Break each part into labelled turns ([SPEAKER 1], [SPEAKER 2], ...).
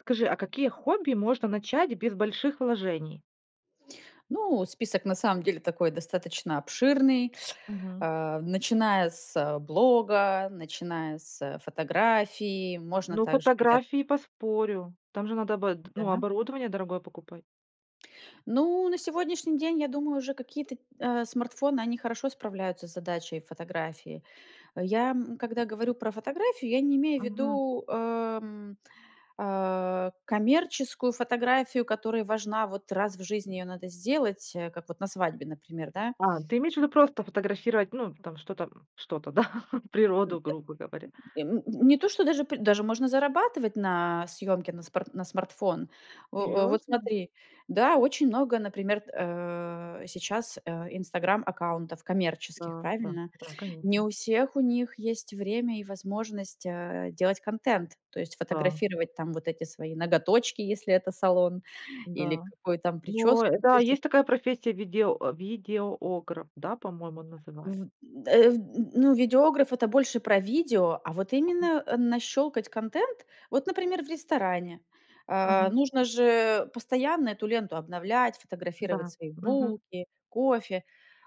[SPEAKER 1] Скажи, а какие хобби можно начать без больших вложений?
[SPEAKER 2] Ну, список, на самом деле, такой, достаточно обширный,
[SPEAKER 1] Мгм.
[SPEAKER 2] а, начиная с, блога, начиная с фотографии. Можно
[SPEAKER 1] Ну,
[SPEAKER 2] также я
[SPEAKER 1] фотографии- поспорю, там же надо обод ну,
[SPEAKER 2] Да.
[SPEAKER 1] оборудование дорогое покупать.
[SPEAKER 2] Ну, на сегодняшний день, я думаю, уже какие-то, т э, смартфоны, они хорошо справляются с задачей фотографии. Я, м, когда говорю про фотографию, я не имею
[SPEAKER 1] Мгм.
[SPEAKER 2] ввиду, э, м, э, коммерческую фотографию, которая важна. Вот раз в жизни ее надо сделать, э, как вот на свадьбе, например, да.
[SPEAKER 1] А, ты имеешь в виду просто фотографировать, ну, там, что-то. Что-то, да,
[SPEAKER 2] М, э.
[SPEAKER 1] природу, грубо говоря.
[SPEAKER 2] И, м, не то, что даже п даже можно зарабатывать на съемке на спар на смартфон. О о, вот
[SPEAKER 1] Серьёзно?
[SPEAKER 2] смотри Да, очень много, например, э, сейчас, э, Инстаграм-аккаунтов коммерческих,
[SPEAKER 1] Да, да,
[SPEAKER 2] правильно?
[SPEAKER 1] да.
[SPEAKER 2] Не
[SPEAKER 1] Конечно.
[SPEAKER 2] у всех у них есть время и возможность, э, делать контент, то есть,
[SPEAKER 1] Да.
[SPEAKER 2] фотографировать там вот эти свои ноготочки, если это салон, или
[SPEAKER 1] Да.
[SPEAKER 2] какую там
[SPEAKER 1] Но,
[SPEAKER 2] прическу.
[SPEAKER 1] э,
[SPEAKER 2] То
[SPEAKER 1] да,
[SPEAKER 2] есть о
[SPEAKER 1] есть такая профессия виде о видеограф, да, по-моему, называет
[SPEAKER 2] В д э, в н ну видеограф- это больше про видео, а вот именно, э, нащёлкать контент. Вот, например, в ресторане. Э,
[SPEAKER 1] Ага.
[SPEAKER 2] нужно же постоянно эту ленту обновлять, фотографировать
[SPEAKER 1] Да,
[SPEAKER 2] свои
[SPEAKER 1] мгм.
[SPEAKER 2] булки, кофе.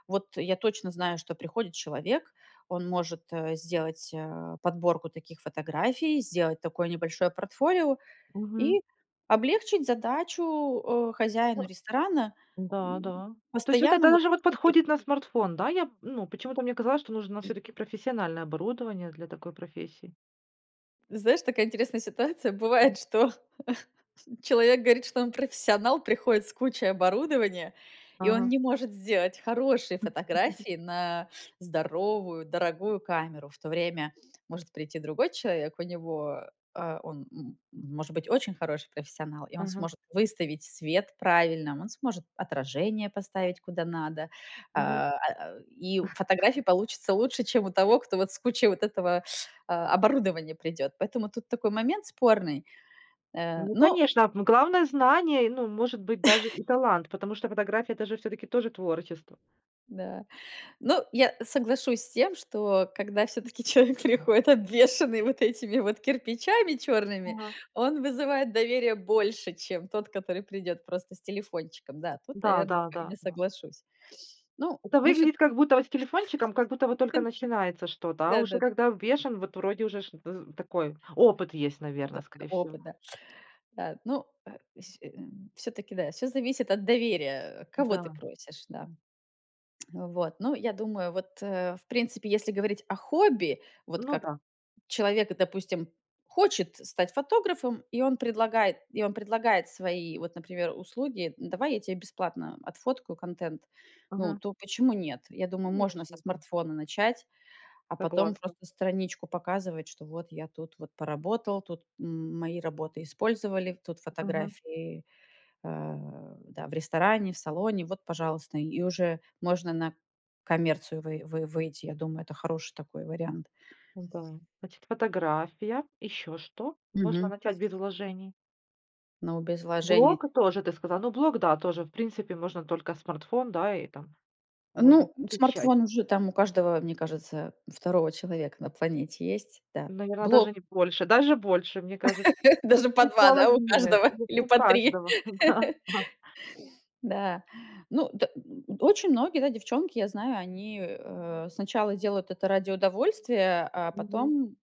[SPEAKER 2] Вот я точно знаю, что приходит человек, он может, э, сделать, э, подборку таких фотографий, сделать такое небольшое портфолио,
[SPEAKER 1] Мгм.
[SPEAKER 2] и облегчить задачу, э, хозяину ресторана,
[SPEAKER 1] Да,
[SPEAKER 2] м,
[SPEAKER 1] да. То есть вот так,
[SPEAKER 2] постоянно
[SPEAKER 1] да,
[SPEAKER 2] вот,
[SPEAKER 1] даже
[SPEAKER 2] ну, тип
[SPEAKER 1] подходит на смартфон, да, я, м, ну, почему-то мне казалось, что нужно
[SPEAKER 2] И
[SPEAKER 1] всё-таки профессиональное оборудование для такой профессии.
[SPEAKER 2] Знаешь, такая интересная ситуация
[SPEAKER 1] Мгм.
[SPEAKER 2] бывает, что человек говорит, что он профессионал, приходит с кучей оборудования, и он
[SPEAKER 1] Ага.
[SPEAKER 2] не может сделать хорошие
[SPEAKER 1] Хм. [unintelligible]
[SPEAKER 2] фотографии на здоровую, дорогую камеру. В то время может прийти другой человек, у него, э э, он, м, может быть очень хороший профессионал. И он
[SPEAKER 1] Мгм.
[SPEAKER 2] сможет выставить свет правильно, он сможет отражение поставить куда надо,
[SPEAKER 1] Мгм.
[SPEAKER 2] а, э, и фотографии получатся лучше, чем у того, кто вот с кучей вот этого, а, оборудования придёт. Поэтому тут такой момент спорный. Э,
[SPEAKER 1] Ну
[SPEAKER 2] ну
[SPEAKER 1] конечно! Но главное знания, ну и, может быть, даже и талант. Потому что фотография это же всё-таки тоже творчество.
[SPEAKER 2] Да. Но я соглашусь с тем, что когда всё-таки человек приходит, обвешенный вот этими вот кирпичами чёрными,
[SPEAKER 1] Ага.
[SPEAKER 2] он вызывает доверия больше, чем тот, который придёт просто с телефончиком. Да, тут,
[SPEAKER 1] Да
[SPEAKER 2] наверное,
[SPEAKER 1] да да
[SPEAKER 2] я
[SPEAKER 1] да.
[SPEAKER 2] соглашусь. Ну,
[SPEAKER 1] Это
[SPEAKER 2] мы
[SPEAKER 1] выглядит
[SPEAKER 2] всё-та
[SPEAKER 1] как будто вот с телефончиком, как будто вот только начинается что-то. А уже
[SPEAKER 2] Да-да д
[SPEAKER 1] когда обвешан, вот вроде уже ж з такой опыт есть, наверное,
[SPEAKER 2] Да,
[SPEAKER 1] скорее всего.
[SPEAKER 2] опыт, да. А, ну, э, вс э, всё-таки, да, всё зависит от доверия, э, кого ты
[SPEAKER 1] Да.
[SPEAKER 2] просишь, да. Вот. Ну, я думаю, вот, э, в принципе, если говорить о хобби, вот
[SPEAKER 1] Ну
[SPEAKER 2] как
[SPEAKER 1] да.
[SPEAKER 2] человек, допустим, хочет стать фотографом, и он предлагает и он предлагает свои, вот например, услуги: "Н давай я тебе бесплатно отфоткаю контент", ну,
[SPEAKER 1] Мгм.
[SPEAKER 2] то почему нет? Я думаю, можно
[SPEAKER 1] Конечно,
[SPEAKER 2] со
[SPEAKER 1] да.
[SPEAKER 2] смартфона начать, а потом
[SPEAKER 1] Согласна.
[SPEAKER 2] просто страничку показывать, что вот я тут вот поработал, тут м мои работы использовали, тут
[SPEAKER 1] Мгм.
[SPEAKER 2] фотографии. Э, да в ресторане, в салоне, вот, пожалуйста, и уже можно на коммерцию вый вы выйти, я думаю, это хороший такой вариант.
[SPEAKER 1] Да. Значит, фотография, ещё что? Можно
[SPEAKER 2] Мгм.
[SPEAKER 1] начать без вложений?
[SPEAKER 2] Но без вложений.
[SPEAKER 1] Блог, э, тоже ты сказала, ну, блог, да, тоже, в принципе, можно только смартфон, да, и там, можно
[SPEAKER 2] Ну,
[SPEAKER 1] получать.
[SPEAKER 2] смартфон уже там у каждого, мне кажется, второго человека на планете есть. Да.
[SPEAKER 1] Наверно, даже
[SPEAKER 2] Блог.
[SPEAKER 1] не больше, даже больше, мне кажется, ну
[SPEAKER 2] Даже по
[SPEAKER 1] по
[SPEAKER 2] 2, да, у
[SPEAKER 1] половина,
[SPEAKER 2] каждого,
[SPEAKER 1] [unintelligible]
[SPEAKER 2] или
[SPEAKER 1] у
[SPEAKER 2] по 3.
[SPEAKER 1] каждого, да. А.
[SPEAKER 2] Да. Ну д м, очень многие, да, девчонки, я знаю, они, э, сначала делают это ради удовольствия, а
[SPEAKER 1] Мгм.
[SPEAKER 2] потом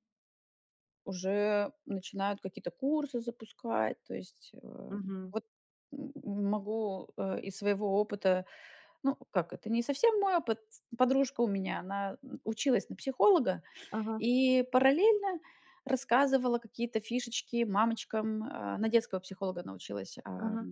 [SPEAKER 2] уже начинают какие-то курсы запускать. То есть, эм,
[SPEAKER 1] Мгм.
[SPEAKER 2] вот м могу, э, из своего опыта: ну как, это не совсем мой опыт, подружка у меня, она н училась на психолога
[SPEAKER 1] Ага.
[SPEAKER 2] и параллельно рассказывала какие-то фишечки мамочкам, а, на детского психолога она училась. Ам,
[SPEAKER 1] Ага.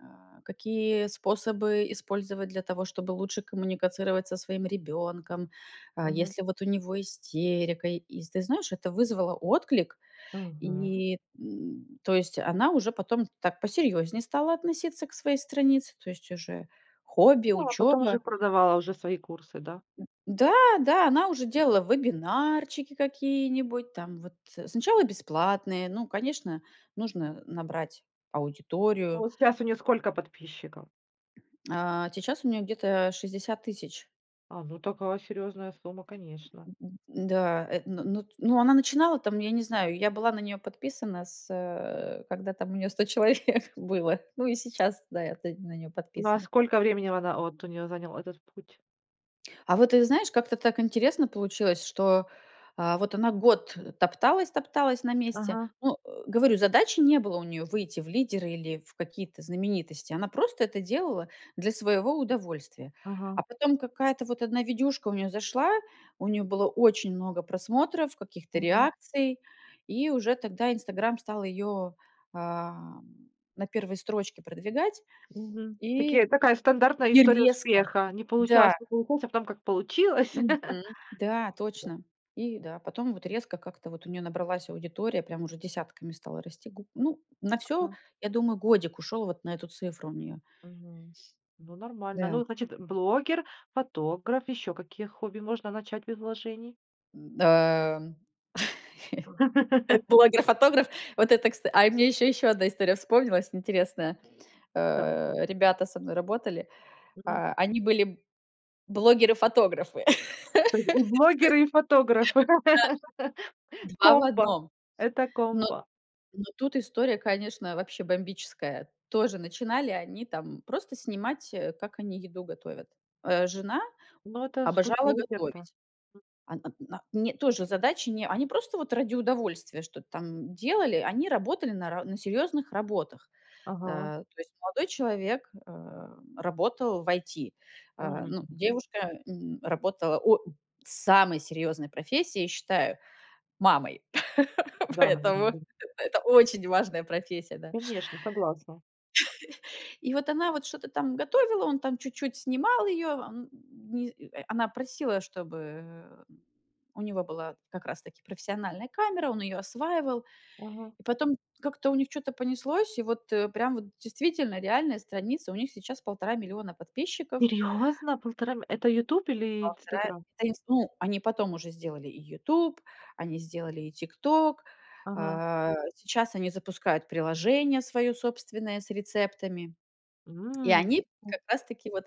[SPEAKER 2] а, какие способы использовать для того, чтобы лучше коммуницировать со своим ребенком, э,
[SPEAKER 1] Мгм.
[SPEAKER 2] если вот у него истерика. И с, ты знаешь, это вызвало отклик,
[SPEAKER 1] Мгм.
[SPEAKER 2] и н то есть, она уже потом так посерьезнее стала относиться к своей странице, то есть уже хобби,
[SPEAKER 1] Да, а потом
[SPEAKER 2] учеба.
[SPEAKER 1] уже продавала уже свои курсы, да?
[SPEAKER 2] Д да, да- она уже делала вебинарчики какие-нибудь, там вот, сначала бесплатные, ну, конечно, нужно набрать
[SPEAKER 1] А
[SPEAKER 2] аудиторию.
[SPEAKER 1] вот щас у неё сколько подписчиков?
[SPEAKER 2] А сейчас у неё где-то 60 000.
[SPEAKER 1] А, ну такая серьезная сумма, конечно.
[SPEAKER 2] Мгм. Н-да, э, ну ну т ну, она начинала там, я не знаю, я была на неё подписана, с, э, когда там у неё 100 человек было, ну и сейчас, да, я т на неё
[SPEAKER 1] Ну а
[SPEAKER 2] подписана.
[SPEAKER 1] сколько времени в она, вот у неё занял этот путь?
[SPEAKER 2] А вот, ты знаешь, как-то так интересно получилось, что, а, вот она год топталась-топталась на месте.
[SPEAKER 1] Ага.
[SPEAKER 2] Ну, э, говорю: задачи не было у неё выйти в лидеры или в какие-то знаменитости. Она просто это делала для своего удовольствия.
[SPEAKER 1] Ага.
[SPEAKER 2] А потом какая-то вот одна видюшка у неё зашла, у неё было очень много просмотров, каких-то
[SPEAKER 1] Мгм.
[SPEAKER 2] реакций и уже тогда "Инстаграм" стал её, ам, на 1 строчке продвигать
[SPEAKER 1] Мгм. Такие
[SPEAKER 2] и
[SPEAKER 1] такая стандартная
[SPEAKER 2] и
[SPEAKER 1] история
[SPEAKER 2] резко,
[SPEAKER 1] успеха: не
[SPEAKER 2] да
[SPEAKER 1] получалось, не получалось, а потом как получилось!
[SPEAKER 2] мгм, да, точно. И, да потом вот резко как-то вот у неё набралась аудитория, прям уже десятками стала расти. Г ну, на всё,
[SPEAKER 1] М.
[SPEAKER 2] я думаю, годик ушел вот на эту цифру у неё.
[SPEAKER 1] Мгм. Ну, нормально.
[SPEAKER 2] Да.
[SPEAKER 1] Ну, значит: блогер, фотограф. Ещё какие хобби можно начать без вложений?
[SPEAKER 2] Н-да. Это блогер-фотограф? Вот это, кста а, э, мне еще еще 1 история вспомнилась интересная.
[SPEAKER 1] Табу.
[SPEAKER 2] Э, ребята со мной работали.
[SPEAKER 1] Мгм.
[SPEAKER 2] А, они были блогеры-фотографы.
[SPEAKER 1] То есть и блогеры, и фотографы.
[SPEAKER 2] [unintelligible] Да. 2 в
[SPEAKER 1] Комбо,
[SPEAKER 2] 1.
[SPEAKER 1] это
[SPEAKER 2] Но
[SPEAKER 1] комбо.
[SPEAKER 2] но тут история, конечно, вообще бомбическая. Тоже начинали они там просто снимать, э, как они еду готовят. Э, жена
[SPEAKER 1] Ну это с
[SPEAKER 2] обожала
[SPEAKER 1] фуд-блогер, да.
[SPEAKER 2] готовить,
[SPEAKER 1] М.
[SPEAKER 2] она на Не, тоже задачи, не- они просто вот ради удовольствия что-то там делали. Они работали на ра на серьезных работах.
[SPEAKER 1] Ага.
[SPEAKER 2] А, то есть молодой человек, э, работал в IT,
[SPEAKER 1] А,
[SPEAKER 2] а,
[SPEAKER 1] эм.
[SPEAKER 2] ну, девушка н работала О! Самой серьезной профессией, я считаю- мамой,
[SPEAKER 1] Да, наверно,
[SPEAKER 2] поэтому
[SPEAKER 1] были.
[SPEAKER 2] это очень важная профессия, да.
[SPEAKER 1] Конечно, согласна.
[SPEAKER 2] И вот она вот что-то там готовила, он там чуть-чуть снимал ее, а, н н ни э, она просила, чтобы, э, м у него была как раз таки профессиональная камера, он ее осваивал.
[SPEAKER 1] Ага.
[SPEAKER 2] И потом как-то у них чё-то понеслось, и вот, э, прям вот действительно реальная страница, у них сейчас 1,5 миллиона подписчиков.
[SPEAKER 1] Серьезно!? 1,5 ми это "Ютуб" или
[SPEAKER 2] 1,5
[SPEAKER 1] "Инстаграм?"
[SPEAKER 2] Они с Ну, они потом уже сделали и "Ютуб", они сделали и "Тикток".
[SPEAKER 1] Ага.
[SPEAKER 2] А, сейчас они запускают приложение свое собственное с рецептами и
[SPEAKER 1] М!
[SPEAKER 2] они
[SPEAKER 1] О.
[SPEAKER 2] как раз таки вот,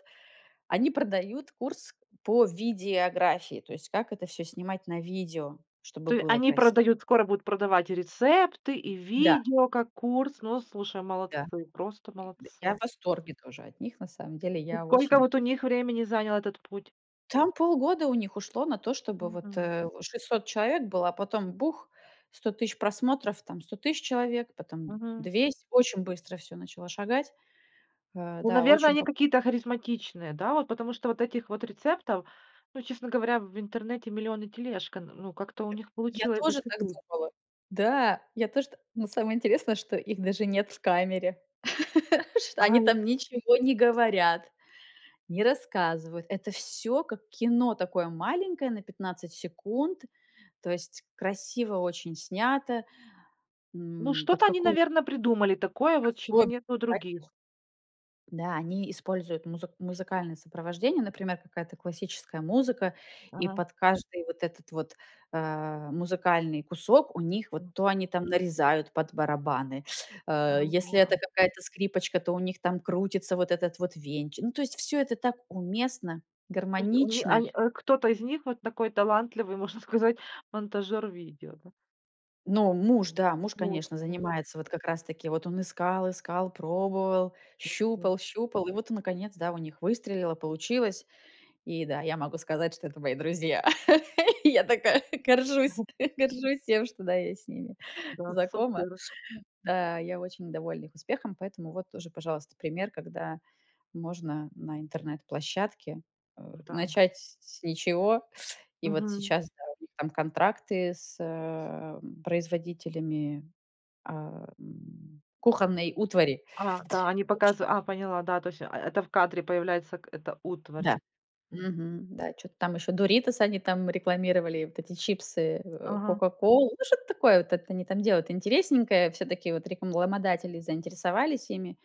[SPEAKER 2] они продают курс по видеографии, то есть как это всё снимать на видео, чтобы
[SPEAKER 1] То е
[SPEAKER 2] было
[SPEAKER 1] они
[SPEAKER 2] краси
[SPEAKER 1] продают, скоро будут продавать и рецепты, и
[SPEAKER 2] Да.
[SPEAKER 1] видео как курс. Ну, слушай,
[SPEAKER 2] Да.
[SPEAKER 1] молодцы, просто
[SPEAKER 2] Д я
[SPEAKER 1] молодцы.
[SPEAKER 2] в восторге тоже от них, на самом деле
[SPEAKER 1] И
[SPEAKER 2] я
[SPEAKER 1] сколько
[SPEAKER 2] очень
[SPEAKER 1] вот у них времени занял этот путь?
[SPEAKER 2] Там полгода у них ушло на то, чтобы вот,
[SPEAKER 1] Мгм.
[SPEAKER 2] э, 600 человек было, а потом- бух: 100 тысяч просмотров, там 100 тысяч человек, потом
[SPEAKER 1] Мгм.
[SPEAKER 2] 200. Очень быстро всё начало шагать. А,
[SPEAKER 1] Ну,
[SPEAKER 2] да,
[SPEAKER 1] наверно,
[SPEAKER 2] очень
[SPEAKER 1] они
[SPEAKER 2] поп
[SPEAKER 1] какие-то харизматичные, да? Вот, потому что вот этих вот рецептов, ну, честно говоря, в интернете 1000000 и тележка, н ну как-то у них
[SPEAKER 2] Я
[SPEAKER 1] получилось
[SPEAKER 2] тоже так
[SPEAKER 1] зацепить.
[SPEAKER 2] думала. Да, я тоже т Но самое интересное, что их даже нет в камере, чт Они
[SPEAKER 1] Ай!
[SPEAKER 2] там ничего не говорят, не рассказывают. Это всё, как кино такое маленькое, на 15 секунд, то есть красиво очень снято.
[SPEAKER 1] Ну
[SPEAKER 2] М, под
[SPEAKER 1] что-то они,
[SPEAKER 2] какую
[SPEAKER 1] наверно, придумали такое вот, чего
[SPEAKER 2] Особенно,
[SPEAKER 1] нет у
[SPEAKER 2] конечно.
[SPEAKER 1] других.
[SPEAKER 2] Да, они используют музык музыкальное сопровождение, например, какая-то классическая музыка, и
[SPEAKER 1] Ага.
[SPEAKER 2] под каждый вот этот вот, а, музыкальный кусок у них вот
[SPEAKER 1] М.
[SPEAKER 2] то они там нарезают под барабаны, э, если
[SPEAKER 1] Амплуа.
[SPEAKER 2] это какая-то скрипочка, то у них там крутится вот этот вот венчик. Ну, то есть всё это так уместно,
[SPEAKER 1] То есть у ни
[SPEAKER 2] гармонично.
[SPEAKER 1] они, э, кто-то из них вот такой талантливый, можно сказать, монтажер видео, да.
[SPEAKER 2] Но, муж, да. Муж, конечно,
[SPEAKER 1] Ловко.
[SPEAKER 2] занимается, вот как раз-таки вот он искал-искал, пробовал,
[SPEAKER 1] Так что
[SPEAKER 2] щупал-щупал, и вот, э, наконец, да, у них выстрелило, получилось. И да, я могу сказать, что это мои друзья. Я такая горжусь
[SPEAKER 1] Ага.
[SPEAKER 2] горжусь тем, что, да, я с ними
[SPEAKER 1] Да.
[SPEAKER 2] знакома.
[SPEAKER 1] Супер.
[SPEAKER 2] Да, я очень довольна их успехом, поэтому вот
[SPEAKER 1] М.
[SPEAKER 2] тоже, пожалуйста, пример, когда можно на интернет-площадке, э,
[SPEAKER 1] Да, д
[SPEAKER 2] начать с с ничего и вот
[SPEAKER 1] Мгм.
[SPEAKER 2] сейчас, да, у них там контракты с, э, производителями, а, м, кухонной утвари.
[SPEAKER 1] А, да, они
[SPEAKER 2] В общем
[SPEAKER 1] показы а, поняла, да, то есть, а, э, это в кадре появляется к эта утварь.
[SPEAKER 2] Да. Мгм, да, чё-то там ещё Doritos они там рекламировали, вот эти чипсы, э,
[SPEAKER 1] Ага.
[SPEAKER 2] "Кока-Колу", ну, что-то такое вот это они там делают интересненькое, всё-таки вот рекламодатели заинтересовались ими.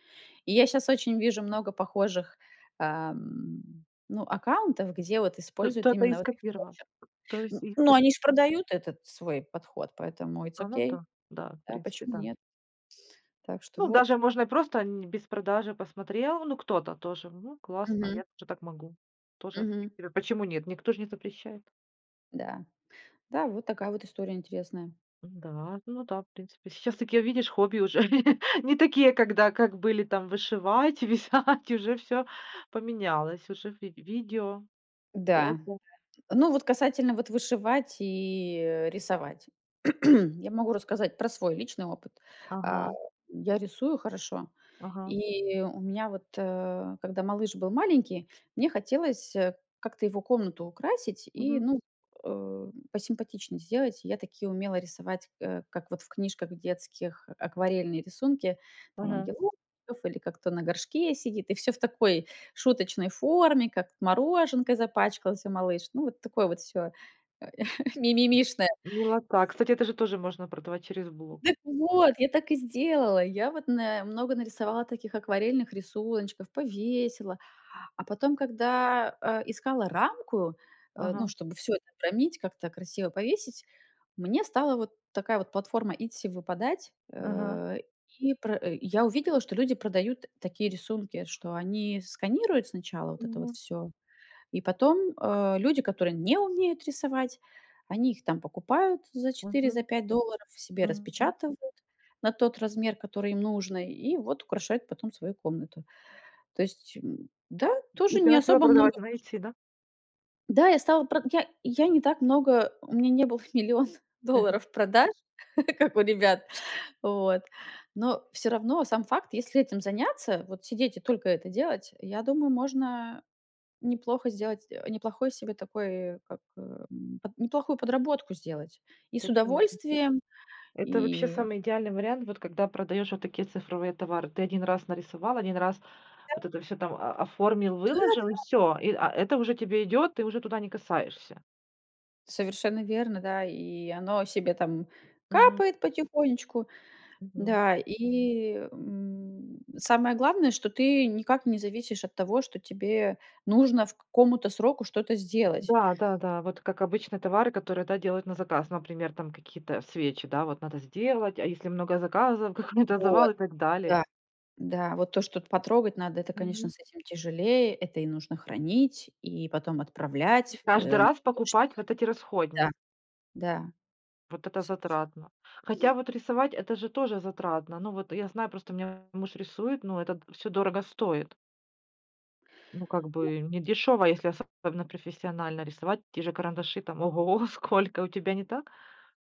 [SPEAKER 2] И я щас очень вижу много похожих, а, м, ну, аккаунтов, где вот
[SPEAKER 1] Т
[SPEAKER 2] используют
[SPEAKER 1] кто-то
[SPEAKER 2] именно
[SPEAKER 1] их
[SPEAKER 2] вот их
[SPEAKER 1] скопировал.
[SPEAKER 2] почерк.
[SPEAKER 1] То есть
[SPEAKER 2] Н
[SPEAKER 1] их,
[SPEAKER 2] но
[SPEAKER 1] вот
[SPEAKER 2] они ж продают этот свой подход, поэтому it's
[SPEAKER 1] А, ну
[SPEAKER 2] Okey.
[SPEAKER 1] да, да. В
[SPEAKER 2] Да,
[SPEAKER 1] принципе,
[SPEAKER 2] почему
[SPEAKER 1] да.
[SPEAKER 2] нет? Так что
[SPEAKER 1] Ну, даже
[SPEAKER 2] вот.
[SPEAKER 1] можно и просто н без продажи. Посмотрел: "Ну, кто-то тоже, ну, классно,
[SPEAKER 2] Мгм.
[SPEAKER 1] я тоже так могу". Тоже, в
[SPEAKER 2] Мгм.
[SPEAKER 1] принципе, почему нет? Никто же не запрещает.
[SPEAKER 2] Да. Да, вот такая вот история интересная.
[SPEAKER 1] М-да, ну да, в принципе сейчас таки видишь хобби уже не такие, когда как были там вышивать, вязать, уже всё поменялось, уже ви видео.
[SPEAKER 2] Да.
[SPEAKER 1] Фото.
[SPEAKER 2] Ну вот касательно вот вышивать и, э, рисовать. Я могу рассказать про свой личный опыт. А,
[SPEAKER 1] Ага.
[SPEAKER 2] я рисую хорошо.
[SPEAKER 1] Ага.
[SPEAKER 2] И у меня вот, э, когда малыш был маленький, мне хотелось, э, как-то его комнату украсить и,
[SPEAKER 1] Мгм.
[SPEAKER 2] ну, э, посимпатичнее сделать. Я таки умела рисовать, э, как вот в книжках детских акварельные рисунки: там
[SPEAKER 1] Мгм.
[SPEAKER 2] ангелочков или как кто на горшке сидит, и всё в такой шуточной форме, как мороженкой запачкался малыш, ну, вот такое вот всё, э, мимимишное.
[SPEAKER 1] Именно как. Кстати, это же тоже можно продавать через блог.
[SPEAKER 2] Так вот, я так и сделала, я вот на много нарисовала таких акварельных рисуночков, повесила. А потом, когда, э, искала рамку, э, ну,
[SPEAKER 1] Ага.
[SPEAKER 2] чтобы всё это обромить, как-то красиво повесить, мне стала вот такая вот платформа Etsy выпадать,
[SPEAKER 1] Ага.
[SPEAKER 2] э, и пр я увидела, что люди продают такие рисунки, что они сканируют сначала вот это вот
[SPEAKER 1] Мгм.
[SPEAKER 2] всё, и потом, э, люди, которые не умеют рисовать, они их там покупают за 4, за
[SPEAKER 1] Мгм,
[SPEAKER 2] 5 долларов, себе
[SPEAKER 1] мгм.
[SPEAKER 2] распечатывают на тот размер, который им нужно, и вот украшают потом свою комнату. То есть, м, да,
[SPEAKER 1] И
[SPEAKER 2] тоже
[SPEAKER 1] ты
[SPEAKER 2] не
[SPEAKER 1] начала
[SPEAKER 2] особо много,
[SPEAKER 1] продавать на
[SPEAKER 2] вложе
[SPEAKER 1] "Этси", да?
[SPEAKER 2] Да, я стала прод я я не так много у меня не было 1 000 000
[SPEAKER 1] Мгм.
[SPEAKER 2] долларов продаж, как у ребят, вот, но всё равно сам факт, если этим заняться, вот сидеть и только это делать, я думаю, можно неплохо сделать э, неплохой себе такой э, как, эм, под неплохую подработку сделать: и с
[SPEAKER 1] Да, конечно.
[SPEAKER 2] удовольствием,
[SPEAKER 1] Это вообще
[SPEAKER 2] и
[SPEAKER 1] самый идеальный вариант, вот когда продаешь вот такие цифровые товары. Ты 1 раз нарисовал, 1 раз
[SPEAKER 2] Да.
[SPEAKER 1] вот это всё там о оформил, выложил, и
[SPEAKER 2] Да-да.
[SPEAKER 1] всё. И, а, это уже тебе идет, ты уже туда не касаешься.
[SPEAKER 2] Совершенно верно, да, и оно себе там
[SPEAKER 1] Мгм.
[SPEAKER 2] капает потихонечку,
[SPEAKER 1] Мгм.
[SPEAKER 2] да. И, м, самое главное, что ты никак не зависишь от того, что тебе нужно к какому-то сроку что-то сделать.
[SPEAKER 1] Да-да-да, вот как обычно товары, которые, да, делают на заказ, например, там какие-то свечи, да, вот надо сделать, а если много заказов, какой-то завал
[SPEAKER 2] Вот.
[SPEAKER 1] и так далее.
[SPEAKER 2] Да, да. Вот то, что потрогать надо, это, конечно,
[SPEAKER 1] Мгм.
[SPEAKER 2] с этим тяжелее, это и нужно хранить, и потом отправлять.
[SPEAKER 1] Каждый
[SPEAKER 2] Э, в на
[SPEAKER 1] раз
[SPEAKER 2] почту
[SPEAKER 1] покупать вот эти
[SPEAKER 2] ходить. Да.
[SPEAKER 1] расходни
[SPEAKER 2] Да.
[SPEAKER 1] Вот это затратно, хотя
[SPEAKER 2] [unintelligible]
[SPEAKER 1] вот рисовать- это же тоже затратно, ну вот я знаю просто, у меня муж рисует, но это всё дорого стоит. Ну как
[SPEAKER 2] Ну
[SPEAKER 1] бы не дёшево, если особенно профессионально рисовать, те же карандаши, там ого го, сколько. У тебя не так?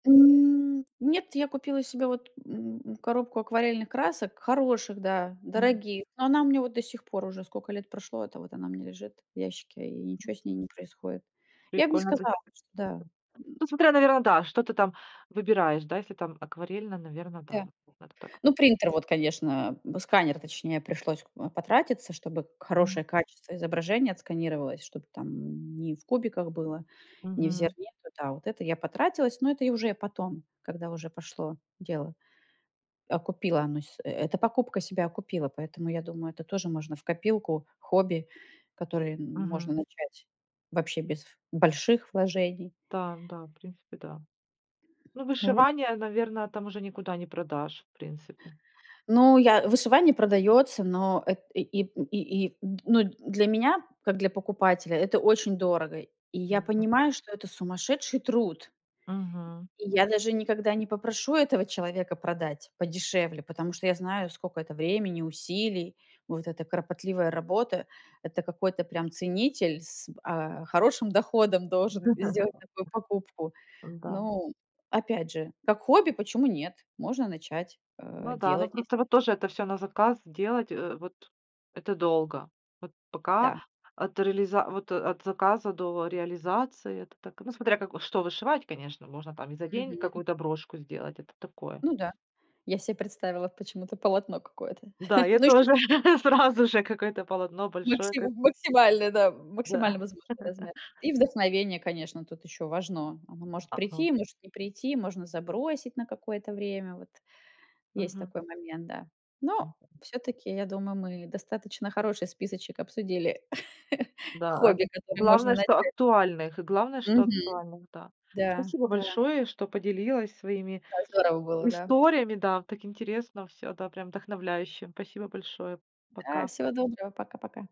[SPEAKER 2] М, нет, я купила себе, вот, м, коробку акварельных красок, хороших, да,
[SPEAKER 1] М.
[SPEAKER 2] дорогих, но она у меня вот до сих пор уже сколько лет прошло, это вот она у меня лежит в ящике и ничё с ней не происходит. Я б не
[SPEAKER 1] Прикольно, т [unintelligible]
[SPEAKER 2] сказала, что, да
[SPEAKER 1] ну смотря наверно, да, что ты там выбираешь, да, если там акварельно, наверное, да.
[SPEAKER 2] Да.
[SPEAKER 1] [unintelligible]
[SPEAKER 2] Ну принтер, вот конечно, м, сканер точнее, пришлось к потратиться, чтобы
[SPEAKER 1] Мгм.
[SPEAKER 2] хорошее качество изображения отсканировалось, чтобы там не в кубиках было, не в
[SPEAKER 1] Мгм.
[SPEAKER 2] зерне, то да, вот это я потратилась, но это я уже и потом, когда уже пошло дело, окупила оно с эта покупка себя окупила. Поэтому я думаю, это тоже можно в копилку хобби, которое м можно
[SPEAKER 1] Мгм.
[SPEAKER 2] начать вообще без в больших вложений.
[SPEAKER 1] Так, да, в принципе, да. Ну
[SPEAKER 2] Ну вот
[SPEAKER 1] вышивание, наверное, там уже никуда не продашь, в принципе.
[SPEAKER 2] Ну я вышивание продается, но эт и и п и и м, ну для меня, как для покупателя, это очень дорого. И я
[SPEAKER 1] [unintelligible]
[SPEAKER 2] понимаю, что это сумасшедший труд.
[SPEAKER 1] Мгм.
[SPEAKER 2] И я даже никогда не попрошу этого человека продать подешевле, потому что я знаю, сколько это времени, усилий, вот эта кропотливая работа. Это какой-то прям ценитель с, а, хорошим доходом должен сделать такую покупку.
[SPEAKER 1] Да.
[SPEAKER 2] Ну, опять же, как хобби, почему нет, можно начать, э,
[SPEAKER 1] Ну да. Ну
[SPEAKER 2] делать если
[SPEAKER 1] просто вот тоже это всё на заказ делать, э, вот это долго. Вот пока
[SPEAKER 2] Да.
[SPEAKER 1] от реализа вот от заказа до реализации, это так, ну смотря как, э, что вышивать, конечно. Можно там и за день
[SPEAKER 2] Мгм.
[SPEAKER 1] какую-то брошку сделать, это такое.
[SPEAKER 2] Ну да. Я себе представила почему-то полотно какое-то
[SPEAKER 1] Да, я
[SPEAKER 2] на
[SPEAKER 1] тоже
[SPEAKER 2] [unintelligible]
[SPEAKER 1] сразу же какое-то полотно большое
[SPEAKER 2] Макси
[SPEAKER 1] кот
[SPEAKER 2] максимально, да,
[SPEAKER 1] Да.
[SPEAKER 2] макимально возможный размер. И вдохновение, конечно, тут ещё важно, оно может
[SPEAKER 1] Ага.
[SPEAKER 2] прийти, может не прийти, можно забросить на какое-то время, вот. Есть
[SPEAKER 1] Мгм.
[SPEAKER 2] такой момент, да. Но
[SPEAKER 1] [unintelligible]
[SPEAKER 2] всё-таки, я думаю, мы достаточно хороший списочек обсудили,
[SPEAKER 1] Да, ак
[SPEAKER 2] хобби,
[SPEAKER 1] э,
[SPEAKER 2] которое можно
[SPEAKER 1] главное, что
[SPEAKER 2] начать.
[SPEAKER 1] актуальных, главное, что
[SPEAKER 2] Мгм.
[SPEAKER 1] актуальных, да.
[SPEAKER 2] Да,
[SPEAKER 1] Спасибо
[SPEAKER 2] да.
[SPEAKER 1] большое, что поделилась своими
[SPEAKER 2] Да, здорово было, да.
[SPEAKER 1] историями, да, так интересно всё, да, прям вдохновляюще. Спасибо большое,
[SPEAKER 2] Да,
[SPEAKER 1] пока.
[SPEAKER 2] всего доброго, пока пока.